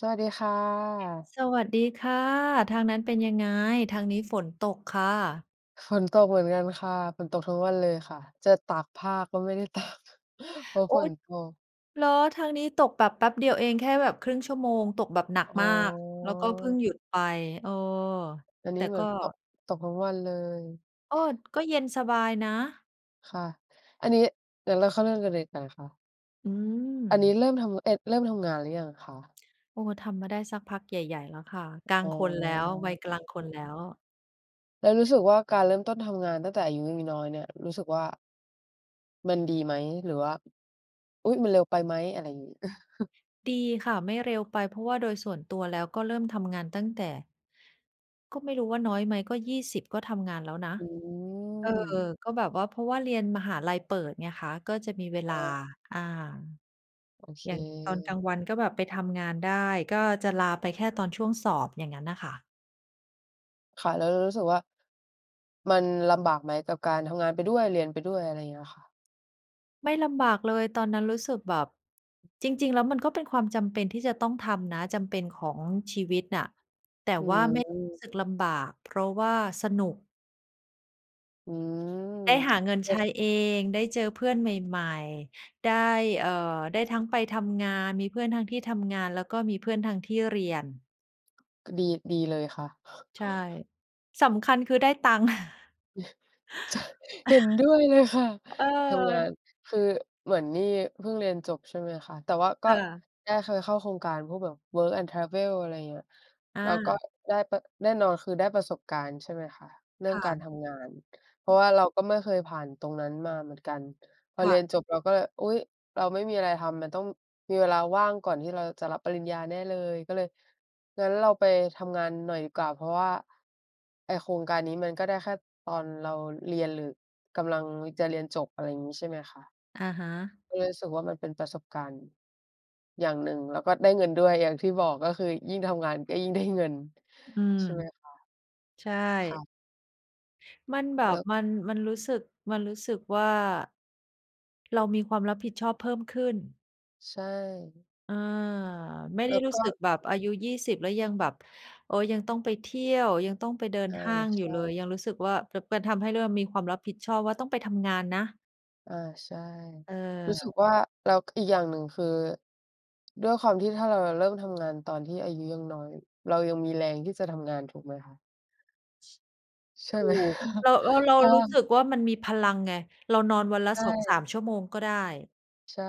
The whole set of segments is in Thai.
สวัสดีค่ะ สวัสดีค่ะ ทางนั้นเป็นยังไง ทางนี้ฝนตกค่ะ? ฝนตกเหมือนกันค่ะ ฝนตกทั้งวันเลยคะ จะตากผ้าก็ไม่ได้ ตาก เพราะอูฝ๊นด ตก เหรอ ทางนี้ตกแบบแป๊บเดียวเอง แค่แบบ 1/2 ชั่วโมง ตกแบบหนักอ๋มาก แล้วก็เพิ่อ งหยุดไป เออ อันนแีต้่เหมกือ็ นก็ ตกทั้งวันเลย โอ้ด ก็เย็นสบายนะ ค่ะ อันนี้ เดี๋ยวเราเข้าเรื่องกันเลย แต่ ล ค อือันนี้ม เริ่มทำ เอิด เริ่มทำงานหรือยังคะ? โอ้ ทำมาได้สักพักใหญ่ ๆ แล้วค่ะ กลาอง๋คนแล้ว วัยกลอ างคนแล้ว แล้วรู้สึกว่าการเริ่มต้นทำงานตั้งแต่อายุยัง น้อยเนี่ย รู้สึกว่า มันดีไหม หรือว่า อุ๊ย มันเร็วไปไหม? อะไรอย่างงี้ เออ ดีค่ะ ไม่เร็วไป เพราะว่าโดยส่วนตัวแล้วก็เริ่มทำงานตั้งแต่ ก็ไม่รู้ว่าน้อยไหม ก็ 20 ก็ทำงานแล้วนะ อืเออ ม ก็แบบว่า เพราะว่าเรียนมหาลัยเปิดไงคะ ก็จะมีเวลอา ะฮะ อา โอเอย่างตอนกลาค งวันก็แบบไปทำงานได้ ก็จะลาไปแค่ตอนช่วงสอบ อย่างงั้นน่ะค่ะ ค่ะ แล้วเรารู้สึกว่า มันลำบากไหมกับการทำงานไปด้วย เรียนไปด้วย อะไรเงี้ยค่ะ? ไม่ลำบากเลย ตอนนั้นรู้สึกแบบ จริง ๆ แล้วมันก็เป็นความจำเป็นที่จะต้องทำนะ จำเป็นของชีวิตน่ะ แต่อืว่าไม่รู้ม สึกลำบาก เพราะว่าสนุก อืได้ม หาเงินใช้เอง ได้เจอเพื่อนใหม่ ๆ ได้ เอ่อ ได้ทั้งไปทำงาน มีเพื่อนทั้งที่ทำงาน แล้วก็มีเพื่อนทั้งที่เรียน ก็ดี ดีเลยค่ะ ใช่ สำคัญคือได้ตังค์ ใช่ เห็นด้วยเลยค่ะ เทำงาออ น คือเหมือนนี่เพิ่งเรียนจบ ใช่ไหมคะ แต่ว่ากค็่ะ ได้เคยเข้าโครงการพวกแบบ work and travel อะไรอย่างเงี้ย อเราก็า ได้ปะ แน่นอนคือได้ประสบการณ์ ใช่ไหมคะ เรื่คอง่การะ ทำงาน เพราะว่าเราก็ไม่เคยผ่านตรงนั้นมาเหมือนกัน พอคเ่รียนะ จบเราก็ อุ๊ย! เราไม่มีอะไรทำ มันต้องมีเวลาว่างก่อนที่เราจะรับปริญญาแน่เลย ก็เลย งั้นเราไปทำงานหน่อยดีกว่า เพราะว่า ไอ้โครงการนี้มันก็ได้แค่ตอนเราเรียน หรือกำลังจะเรียนจบ อะไรอย่างงี้ ใช่ไหมคะ อะฮะ ก็เลยรู้สึกว่ามันเป็นประสบการณ์ อย่างหนึ่ง แล้วก็ได้เงินด้วย อย่างที่บอก ก็คือยิ่งทำงาน ก็ยิ่งได้ เงิน อืม ใช่ไหมคะ? ใชค่่ ะ มันแบแลบ้ว มัน มันรู้สึก มันรู้สึกว่า เรามีความรับผิดชอบเพิ่มขึ้น ใช่ อา ไม่ไแดล้้วรู้ก็ สึกแบบอายุ 20 แล้วยังแบบ โอ๊ย ยังต้องไปเที่ยว ยังต้องไปเดินอา ห้างใอยูช่เลย ่ ยังรู้สึกว่า เผลิบ เพิน ทำให้เริ่มมีความรับผิดชอบว่าต้องไปทำงานนะ อา ใช่ เรู้สึกออ ว่า แล้ว อีกอย่างหนึ่งคือ ด้วยความที่ถ้าเรา เราเริ่มทำงานตอนที่อายุยังน้อย เรายังมีแรงที่จะทำงานถูกไหมคะ? ใช่ถูไหม ก เรา เรา เราพอ รู้สึกว่ามันมีพลังไง เรานอนวันละ ใชสองส่ าม ชั่วโมงก็ได้ ใช่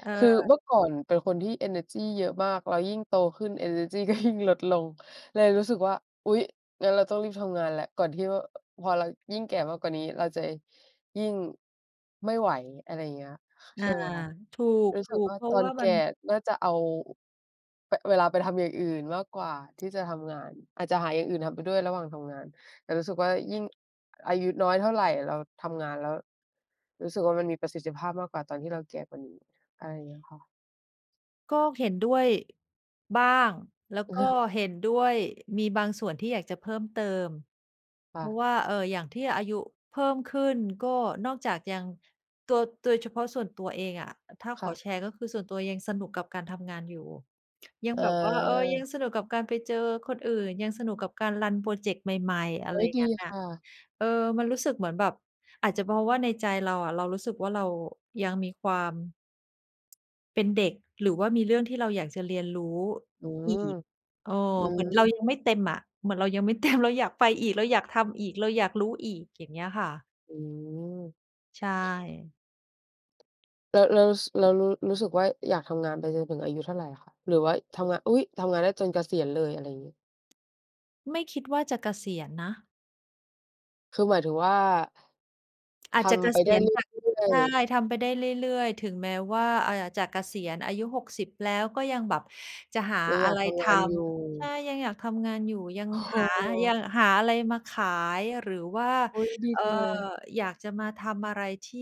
เคือออ เมื่อก่อนเป็นคนที่เอเนอร์จีเยอะมาก แล้วยิ่งโตขึ้นเอเนอร์จีก็ ยิ่ง ลดลง เลยรู้สึกว่า อุ๊ย งั้นเราต้องรีบทำงานแล้ว ก่อนที่ว่า อ พอเรายิ่งแก่มากกว่านี้เราจะยิ่ง ไม่ไหว อะไรอย่างเงี้ย อใชา ่ไหมคะ ถูรู้สึกก ว่ๆ าเพราตะอวน่าแกมั่น น่าจะเอา อ ป เวลาไปทำอย่างอื่นมากกว่าที่จะทำงาน อาจจะหาอย่างอื่นทำไปด้วยระหว่างทำงาน แต่รู้สึกว่ายิ่ง อายุน้อยเท่าไร เราทำงานแล้ว รู้สึกว่ามันมีประสิทธิภาพมากกว่าตอนที่เราแก่กว่านี้ อะไรอย่างเงี้ยค่ะ ก็เห็นด้วย บ้าง แล้วก็เห็นด้วย มีบางส่วนที่อยากจะเพิ่มเติม คเ่พราะะ ว่า เอ่อ อย่างที่อายุเพิ่มขึ้น ก็นอกจากยัง ตัว โดยเฉพาะส่วนตัวเองอะ ถ้าคข่อะ แชร์ก็คือ ส่วนตัวยังสนุกกับการทำงานอยู่ ยังแบบว่า เออ ยัเออ งสนุกกับการไปเจอคนอื่น ยังสนุกกับการรันพรอเจกต์ใหม่ ๆ อะเไฮร้ย! ดงัี้นนค่ะ ่ะ เออ มันรู้สึกเหมือนแบบ อาจจะเพราะว่าในใจเราอะ เรารู้สึกว่า เรายังมีความ เป็นเด็ก หรือว่ามีเรื่องที่เราอยากจะเรียนรู้อือีม ก เออ อืเหมือนเราม ยังไม่เต็มอะ เหมือนเรายังไม่ เต็ม เราอยากไปอีก เราอยากทำอีก เราอยากรู้อีก อย่างเงี้ยค่ะ อืม ใช่ แล้ว แล้ว ส แล้วรู้ รู้สึกว่า อยากทำงานไปจนถึงอายุเท่าไรคะ? หรือไว้ทำงะ อุ๊ย! ทำงานได้จนเกษียณเลย อะไรงี้ ไม่คิดว่าจะเกษียณนะ คือหมายถึงว่า อาทจจะเกำไปษไดี้ยณ เรแต่ ื่อใชย ่ ๆ ทำไปได้เรื่อย ๆ ถึงแม้ว่า อ่า จะเกษียณอายุ 60 แล้ว ก็ยังแบบจะหายังออยะาไกรททำงานอยู่ ำ ใช่ ยังอยากทำงานอยู่ ยังอห๋า ยัอ ง หาอะไรมาขาย หรือว่า อุ๊ย! ดีเอ่อ จังเลย อยากจะมาทำอะไรที่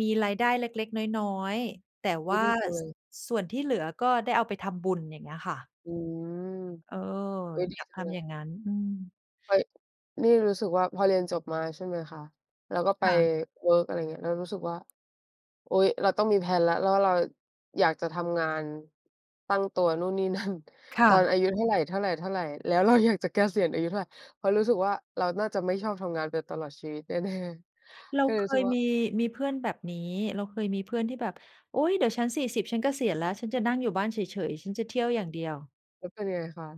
มีรายได้เล็ก ๆ น้อย ๆ แต่วอุ๊่ย! า ดีจังเส ลย ส่วนที่เหลือก็ได้เอาไปทำบุญ อย่างเงี้ยค่ะ อืม เออ อุ๊ย! ดีอยากจัทงเลำอยย ่างงั้น อืม เฮ้ย นี่รู้สึกว่าพอเรียนจบมา ใช่ไหมคะ แล้วก็ไปค่ะ เวิร์ก อะไรเงี้ย แล้วรู้สึกว่า อุ๊ย! เราต้องมี แพลน แล้ว แล้วเรา อยากจะทำงาน ตั้งตัวนู่นนี่ นั่น ค่ตอนะ อายุเท่าไร ๆ ๆ แล้วเราอยากจะเกษียณอายุเท่าไร เพราะรู้สึกว่า เราน่าจะไม่ชอบทำงานไปตลอดชีวิต แน่ เราๆ ก็เลเยครู้สึยกว่า มี มีเพื่อนแบบนี้ เราเคยมีเพื่อนที่แบบ "โอ๊ย! เดี๋ยวฉัน 40 ฉันเกษียณแล้ว ฉันจะนั่งอยู่บ้านเฉย ๆ ฉันจะเที่ยวอย่างเดียว" แล้วเป็นยังไงคะ?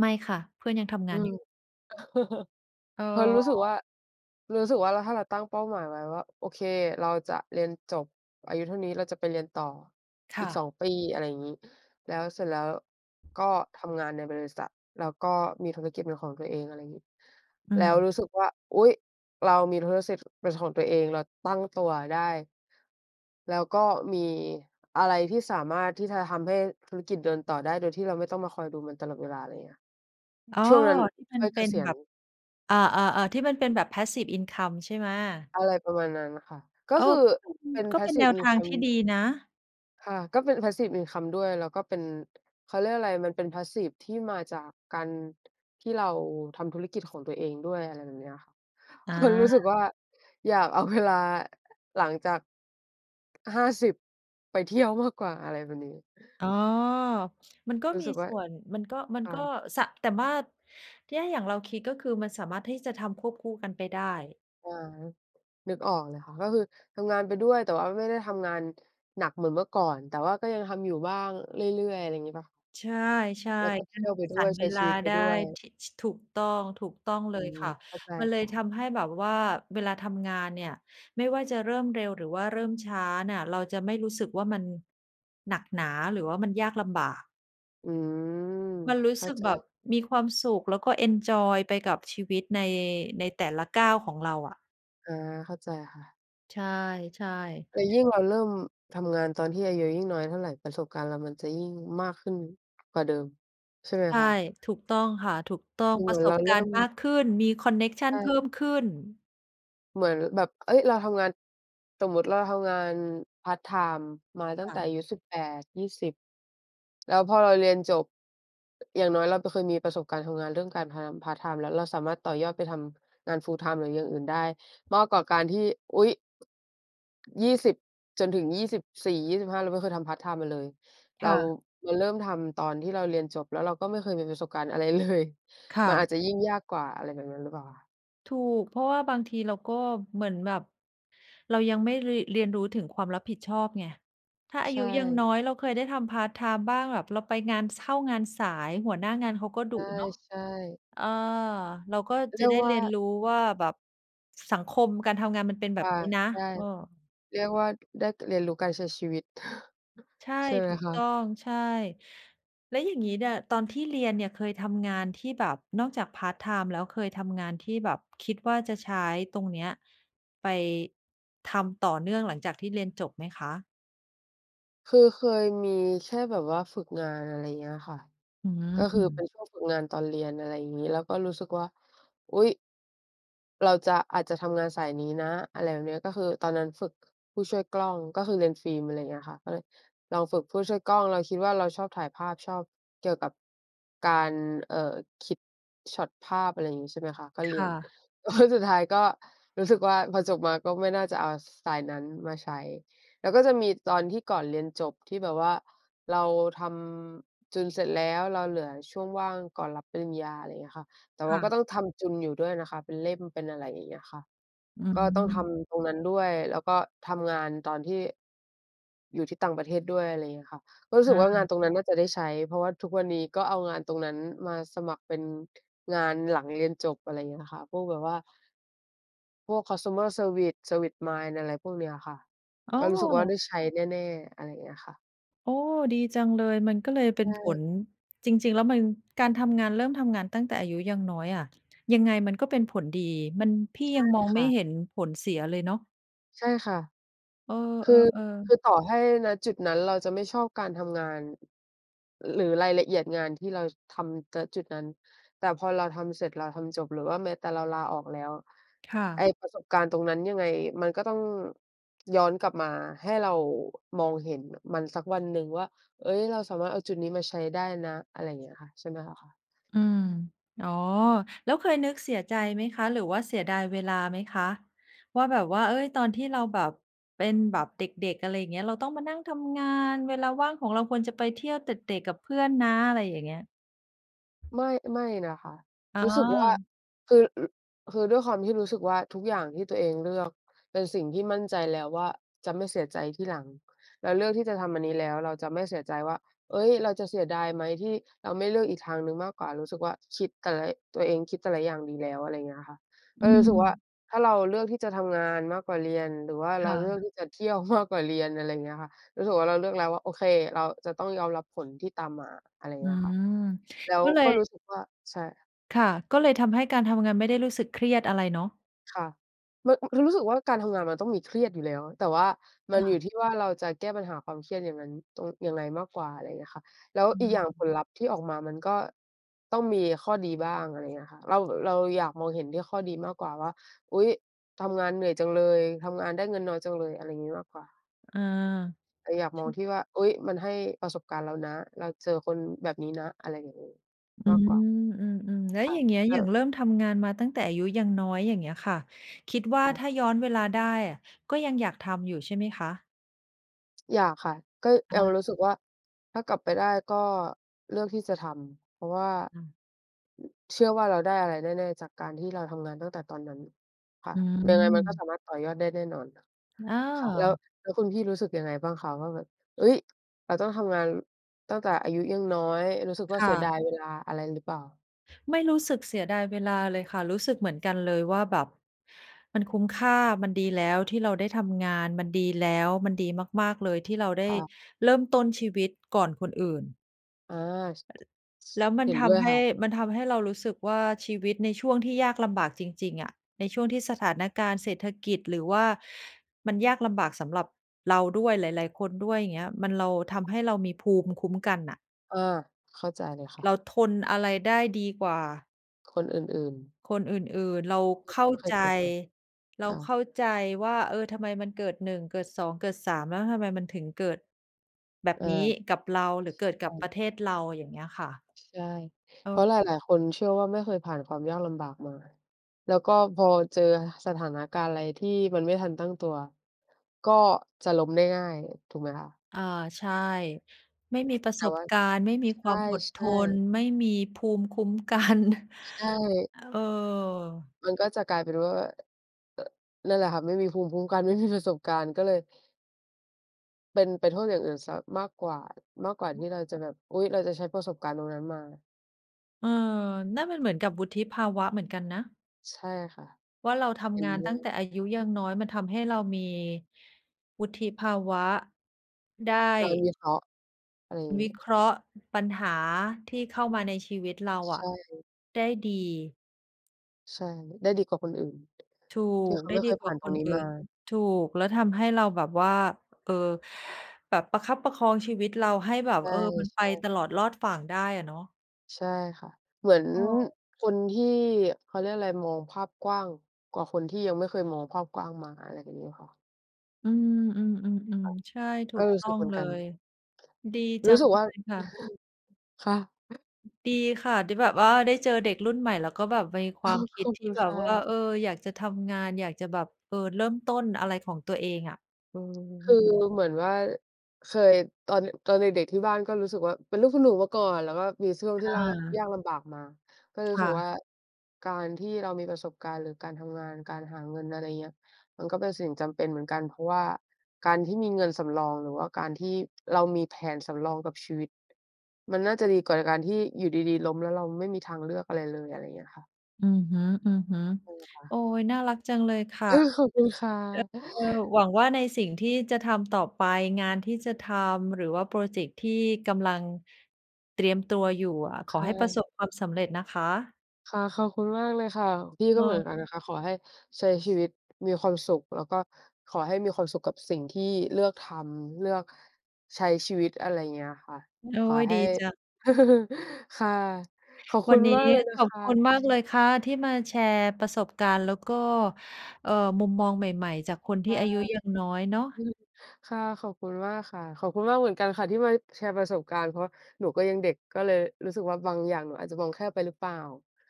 ไม่ค่ะ เพื่อนยังทำองืานม อยู่ เอพอเราอ รู้สึกว่า รู้สึกว่า ถ้าเราตั้งเป้าหมายไว้ว่า โอเค เราจะเรียนจบอายุเท่านี้ เราจะไปเรียนต่อคอ่ีก สะ อง ปี อะไรอย่างงี้ แล้วเสร็จแล้วก็ทำงานในบริษัท แล้วก็มีธุรกิจเป็นของตัวเอง อะไรอย่างงี้ อืแล้วม รู้สึกว่า อุ๊ย! เรามีธุรกิจ เป็นของตัวเอง เราตั้งตัวได้ แล้วก็มีอะไรที่สามารถที่จะทำให้ธุรกิจเดินต่อได้ โดยที่เราไม่ต้องมาคอยดูมันตลอดเวลา อะไรอย่างเงี้ย อ้อ ช่วงนั้นที่มัคน่อยเเปก็นษียแบณ บ อา ๆ ๆ ที่มันเป็นแบบ Passive income ใช่ไหม? อะไรประมาณนั้นค่ะ กโ็อ้ คือก็เป็น เป็น ก็เป็นแนPassive วทางทีincome ่ดีนะ ค่ะ ก็เป็น Passive income ด้วย แล้วก็เป็น เขาเรียกอะไร มันเป็น passive ที่มาจากการที่เราทำธุรกิจของตัวเองด้วย อะไรแบบเนี้ย เอพราะรู้สึกา ว่า อยากเอาเวลา หลังจาก 50 ไปเที่ยวมากกว่า อะไรแบบนี้ อ๋อ มันก็รู้มีสึกว่สา ่วน มันก็ มันค่ก็ ะ สะ แต่ว่า แย่อย่างเราคิด ก็คือมันสามารถที่จะทำควบคู่กันไปได้ อา นึกออกเลยค่ะ ก็คือทำงานไปด้วย แต่ว่าไม่ได้ทำงานหนักเหมือนเมื่อก่อน แต่ว่าก็ยังทำอยู่บ้างเรื่อย ๆ ไรอย่างงี้เปล่า? ใช่ แล้วก็ๆ เที่ยวไปดสร้วย รใเชว้ชลีาวิตไปได้ ด้วย ท ช ถูกต้อง ๆ เลอืยม ค่ะ เข้าใจมันเลคย่ะ ทำให้แบบว่าเวลาทำงานเนี่ย ไม่ว่าจะเริ่มเร็วหรือว่าเริ่มช้าน่ะ เราจะไม่รู้สึกว่ามัน หนักหนา หรือว่ามันยากลำบาก อืม มันรู้เข้สาึกใจ แบบมีความสุข แล้วก็เอนจอยไปกับชีวิตใน ในแต่ละก้าวของเราอะ อา เข้าใจค่ะ ใช่ ๆ แต่ยิ่งเราเริ่มทำงานตอนที่อายุยิ่งน้อยเท่าไร ประสบการณ์เรามันจะยิ่งมากขึ้นกว่าเดิม ใช่ไหมใช่ คะ? ถูกต้องค่ะ ถูกต้อง คือปเหมระือนสเรบาเกราิ่รณม ์มากขึ้น มีคอนเน็กชัใชนเพิ่่ มขึ้น เหมือนแบบ เฮ้ย! เราทำงาน สมมุติเราทำงานพาร์ตไทม์มาตคั้่งแต่ะ อายุ 18-20 แล้วพอเราเรียนจบ อย่างน้อยเราก็เคยมีประสบการณ์ทำงานเรื่องการทำงาน พาร์ตไทม์แล้ว เราสามารถต่อยอดไปทำงาน full-time หรืออย่างอื่นได้ มากกว่าการที่ อุ๊ย! 20 จนถึง 24-25 เราไม่เคยทำพาร์ตไทม์มาเลย เครา ่ะ เราเริ่มทำตอนที่เราเรียนจบ แล้วเราก็ไม่เคยมีประสบการณ์อะไร เลย ค่มันอะ าจจะยิ่งยากกว่า อะไรแบบนั้นหรือเปล่าอะ? ถูก เพราะว่าบางทีเราก็เหมือนแบบ เรายังไม่เรีย เรียนรู้ถึงความรับผิดชอบไง ถ้าอาใชยุยังน่ ้อย เราเคยได้ทำพาร์ตไทม์บ้าง แบบเราไปงาน ช เข้างานสาย หัวหน้างานเขาก็ดุเนาะ ใช่ ๆ อ่า เราก็เจระียไกด้วเ่รียนา รู้ว่าแบบ สังคมการทำงานมันเป็นแบคบ่ะ นี้นะ ใช่ เออ เรียกว่า ได้ เรียนรู้การใช้ชีวิต ใช่ ใช่ไหมถูกคต้ะ? อง ใช่ แล้วอย่างงี้เนี่ย ตอนที่เรียนเนี่ยเคยทำงานที่แบบ นอกจากพาร์ตไทม์แล้ว เคยทำงานที่แบบคิดว่าจะใช้ตรงเนี้ย ไป ทำต่อเนื่องหลังจากที่เรียนจบไหมคะ? คือเคยมีแค่แบบว่าฝึกงาน อะไรอย่างเงี้ยค่ะ อืก็คือเป็ม นช่วงฝึกงานตอนเรียน อะไรอย่างงี้ แล้วก็รู้สึกว่า อุ๊ย! เราจะ อาจจะทำงานสายนี้นะ อะไรแบบเนี้ย ก็คือตอนนั้นฝึกผู้ช่วยกล้อง ก็คือเรียนฟิล์ม อะไรอย่างเงี้ยค่ะ ก็เลยลองฝึกผู้ช่วยกล้อง เราคิดว่าเราชอบถ่ายภาพ ชอบเกี่ยวกับ การเอ่อ คิดช็อตภาพ อะไรอย่างงี้ ใช่ไหมคะ ก็คเรี่ยน ะ แล้ว สุดท้ายก็รู้สึกว่า พอจบมาก็ไม่น่าจะเอา ส สายนั้นมาใช้ แล้วก็จะมีตอนที่ก่อนเรียนจบ ที่แบบว่าเราทำจุนเสร็จแล้ว เราเหลือช่วงว่างก่อนรับปริญญา อะไรอย่างเงี้ยค่ะ แต่คว่า่ก็ะ ต้องทำจุนอยู่ด้วยนะคะ เป็นเล่ม เป็นอะไรอย่างเงี้ยค่ะ อืก็ต้องทม ำตรงนั้นด้วย แล้วก็ทำงานตอนที่ อยู่ที่ต่างประเทศด้วย อะไรอย่างเงี้ยค่ะ ก็รู้สอึกว่างาา นตรงนั้นน่าจะได้ใช้ เพราะว่าทุกวันนี้ก็เอางานตรงนั้นมาสมัครเป็นงานหลังเรียนจบ อะไรอย่างเงี้ยค่ะ พวกแบบว่า พวก คอนซูเมอร์เซอร์วิซ service mind อะไรพวกเนี้ยค่ะ อ๋ก็รู้สึกว่าไดอ! ้ใช้แน่ ๆ อะไรอย่างเงี้ยค่ะ โอ้ ดีจังเลย มันก็เลยเปใ็ชนผ่ ล จริง ๆ แล้วมัน การทำงานเริ่มทำงานตั้งแต่อายุยังน้อยอะ ยังไงมันก็เป็นผลดี มัน พี่ใชย่ังมองคไม่่ะ เห็นผลเสียเลยเนาะ ใช่ค่ะ เอคือ อ คๆ ๆ ือต่อให้ ณ จุดนั้นเราจะไม่ชอบการทำงาน อึ ร หรือรายละเอียดงานที่เรา ช ทำ ณ จุดนั้น แต่พอเราทำเสร็จ เราทำจบ หรือว่าแม้แต่เราลาออกแล้ว ค่ไอะ ้ประสบการณ์ตรงนั้นยังไงมันก็ต้องย้อนกลับมาให้เรา อ มองเห็น ม มันสักวันหนึ่งว่า เอ๊ย เราสามารถเอาจุดนี้มาใช้ได้นะ อะไรอย่างเงี้ยค่ะ ใช่ไหมล่ะคะ อืม อ๋อ แล้วเคยนึกเสียใจไหมคะ หรือว่าเสียดายเวลาไหมคะ? ว่าแบบว่า เอ๊ย ตอนที่เราแบบเป็นแบบเด็ก ๆ อะไรอย่างเงี้ย เราต้องมานั่งทำงาน เวลาว่างของเราควรจะไปเที่ยวเตร็ดเตร่กับเพื่อนนะ อะไรอย่างเงี้ย ไม่ ไม่นะคะ อ๋รู้สึกว่า อ คือ ลุ คือด้วยความที่รู้สึกว่า ทุกอย่างที่ตัวเองเลือกเป็นสิ่งที่มั่นใจแล้วว่าจะไม่เสียใจทีหลัง เราเลือกที่จะทำอันนี้แล้วเราจะไม่เสียใจว่า เอ๊ย เราจะเสียดายไหม ที่เราไม่เลือกอีกทางหนึ่งมากกว่า รู้สึกว่า คิด แต่ละ ตัวเองคิดแต่ละอย่างดีแล้ว อะไรอย่างเงี้ยอะค่ะ อเอือ สึกว่า ม ถ้าเราเลือกที่จะทำงานมากกว่าเรียน หรือว่าเครา่เลือกะ ที่จะเที่ยว มาก กว่าเรียน อะไรอย่างเงี้ยค่ะ รู้สึกว่า เราเลือกแล้วว่า โอเค เราจะต้องยอมรับผลที่ตามมา อะไรอย่าอืงเงี้ยค่ะ ม แล้วก็เลก็ย รู้สึกว่า ใช่ ค่ะ ก็เลยทำให้การทำงาน ไม่ได้รู้สึกเครียดอะไรเนาะ ค่ะ ร อ เรารู้สึกว่า การทำงานมันต้องมีเครียดอยู่แล้ว แต่ว่ามันออยูา ่ที่ว่าเราจะแก้ปัญหาความเครียดอย่างงั้นตรง ยังไงมากกว่า อะไรเงี้ยค่ะ แล้วออีกอย่างผืม ลลัพธ์ที่ออกมา มันก็ต้องมีข้อดีบ้าง อะไรอย่างเงี้ยค่ะ เรา เราอยากมองเห็นที่ข้อดีมากกว่าว่า "อุ๊ย! ทำงานเหนื่อยจังเลย ทำงานได้เงินน้อยจังเลย" อะไรอย่างงี้มากกว่า เออ แต่อยากชมองิ ที่ว่า "อุ๊ย! มันให้ประสบการณ์เรานะ เราเจอคนแบบนี้นะ" อะไรอย่างนี้อืมากกว่า ม ๆ ๆ แล้วค่ะ อย่างเงี้ย กอ็ ย่างเริ่มทำงานมาตั้งแต่อายุยังน้อย อย่างเงี้ยค่ะ คิดว่าค่ถะ ้าย้อนเวลาได้อะ ก็ยังอยากทำอยู่ใช่ไหมคะ? อยากค่ะ ก็อยังรู้สึกา ว่า ถ้ากลับไปได้ก็เลือกที่จะทำ เพราะว่า อา เชื่อว่าเราได้อะไรแน่ ๆ จากการที่เราทำงานตั้งแต่ตอนนั้น ค่อะ ืยังไงมันก็สม ามารถต่อยอดได้แน่นอน อค่ะ แล้ว า แล้วคุณพี่รู้สึกยังไงบ้างคะว่าแบบ "เฮ้ย! เราต้องทำงานตั้งแต่อายุยังน้อย" รู้สึกวค่าเ่สียดาะ ย เวลาอะไรหรือเปล่า? ไม่รู้สึกเสียดายเวลาเลยค่ะ รู้สึกเหมือนกันเลยว่าแบบ มันคุ้มค่า มันดีแล้วที่เราได้ทำงาน มันดีแล้ว มันดีมาก ๆ เลยที่เราไดค้่ะ เริ่มต้นชีวิตก่อนคนอื่น อา ช แล้วมัเหน็นทด้วยำใหค้ ่ะ มันทำให้เรารู้สึกว่าชีวิตในช่วงที่ยากลำบากจริง ๆ อะในช่วงที่สถานการณ์เศรษฐกิจ หรือว่ามันยากลำบากสำหรับเราด้วย หลาย ๆ คนด้วย อย่างเงี้ย มันเรา ทค่ะ ำให้เรามีภูมิคุ้มกันน่ะ อา เข้าใจเลย ค่เระ าทนอะไรได้ดีกว่า คนอื่น ๆ คนอื่น ๆ เราที่เเขข้าาไม่เคใยจ เจอมา เราค่ะ เข้าใจว่า เออ ทำไมมันเกิด 1 เกิด 2 เกิด 3 แล้วทำไมมันถึงเกิดแบบอา นี้กับเราหรือเกิดใชกับป่ ระเทศเรา อย่างเงี้ยค่ะ ใช่ เพราเออ ะหลาย ๆ คนเชื่อว่า ไม่เคยผ่านความยากลำบากมา แล้วก็พอเจอสถานการณ์อะไรที่มันไม่ทันตั้งตัวก็จะล้มได้ง่ายถูกไหมคะ? อา ใช่ ไม่มีประแตส่บว่า การณ์ ไม่มีใความอดทช่ น ๆ ไม่มีภูมิคุ้ม กัน ใช่ เออ มันก็จะกลายเป็นว่า อ อ นั่นแหละค่ะ ไม่มีภูมิคุ้มกัน ไม่มี ประสบการณ์ก็เลย เป็นไปโทษอย่างอื่นสักมากกว่า มากกว่าที่เราจะแบบ อุ๊ย เราจะใช้ประสบการณ์ตรงนั้นมา เออ นั่นมันเหมือนกับวุฒิภาวะเหมือนกันนะ ใช่ค่ะ ว่าเราทเห็ำงนานด้ตัว้งแย ต่อายุยังน้อยมันทำให้เรามีวุฒิภาวะ ได้ ได้วิเคราะห์ อะไรอย่างวงิี้ เคราะห์ปัญหาที่เข้ามาในชีวิตเราใอชะ่ ได้ดี ใช่ ได้ดีกว่าคนอื่น ถูที่ก เขาได้ไม่เดีคยกผว่่าานตครงนนี้อื่มน า ถูก แล้วทำให้เราแบบว่า เอ่อ แบบประคับประคองชีวิตเราให้แบใบ เออ มันไปช่ ๆ ตลอดรอดฝั่งได้อะเนาะ ใช่ค่ะ เหมือนเออ คนที่ เขาเรียกอะไร มองภาพกว้างกว่าคนที่ยังไม่เคยมองภาพกว้างมา อะไรแบบนี้ค่ะ อืม ค่ๆ ะ ๆ ๆ ใช่ ถเูออ กรู้ตส้ึอกงเหมือเนลกัน ย ดีจรัู้งสึกเวล่า ยค่ะ ค่ะ ดีค่ะ ที่แบบว่าได้เจอเด็กรุ่นใหม่ แล้วก็แบบมีความคขิดอบทคีุ่ณแบคบ่ว่า ะ เออ อยากจะทำงาน อยากจะแบบ เออ เริ่มต้นอะไรของตัวเองอะ เออ คือเหมือนว่า เคย ตอน น ตอนเด็ก ๆ ที่บ้านก็รู้สึกว่า เป็นลูกคุณหนูมาก่อน แล้วก็มีช่วง คที่่ลาก ะ ยากลำบากมา ก็เลยรูค้ส่ึะ กว่า การที่เรามีประสบการณ์ หรือการทำงาน การหาเงิน อะไรอย่างเงี้ย มันก็เป็นสิ่งจำเป็นเหมือนกัน เพราะว่าการที่มีเงินสำรอง หรือว่าการที่เรามีแผนสำรองกับชีวิต มันน่าจะดีกว่าในการที่อยู่ดี ๆ ล้ม แล้วเราไม่มีทางเลือกอะไรเลย อะไรอย่างเงี้ยค่ะ อือฮึ เออ ค่ๆ โะ อ๊ย น่ารักจังเลยค่ะ อา ขอบคุณค่ะ เออ หวังว่าในสิ่งที่จะทำต่อไป งานที่จะทำ หรือว่าพรอเจกต์ที่กำลังเตรียมตัวอยู่อะ ขคอ่ให้ประะ สบความสำเร็จนะคะ ค่ะ ขอบคุณมากเลยค่ะ พี่ก็เหมือนกันนเออ ะคะ ขอให้ใช้ชีวิตมีความสุข แล้วก็ขอให้มีความสุขกับสิ่งที่เลือกทำ เลือกใช้ชีวิต อะไรอย่างเงี้ยค่ะ โอ้ขอ ย ใหดี้ จัง ค่ะ ขอบควุัณนนี้มากเลยนขะอคบคุะ ณมากเลยค่ะที่มาแชร์ประสบการณ์ แล้วก็ เอ่อ มุมมองใหม่ ๆ จากคนทคี่่ะ อายุยังน้อยเนาะ ค่ะ ขอบคุณมากค่ะ ขอบคุณมากเหมือนกันค่ะที่มาแชร์ประสบการณ์ เพราะว่าหนูก็ยังเด็กก็เลยรู้สึกว่า บางอย่างหนูอาจจะมองแคบไปหรือเปล่า?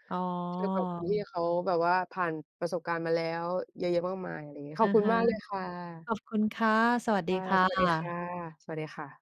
อ๋เทียบกับคนที่อ เขาแบบว่า ผ่านประสบการณ์มาแล้วเยอะ ๆ มากมาย อะไรอย่างงี้ ขออะบคุณฮะ มากเลยค่ะ ขอบคุณค่ะ สวัสคดี่ะ ค่สวัสดีค่ะ ะ สวัสดีค่ะ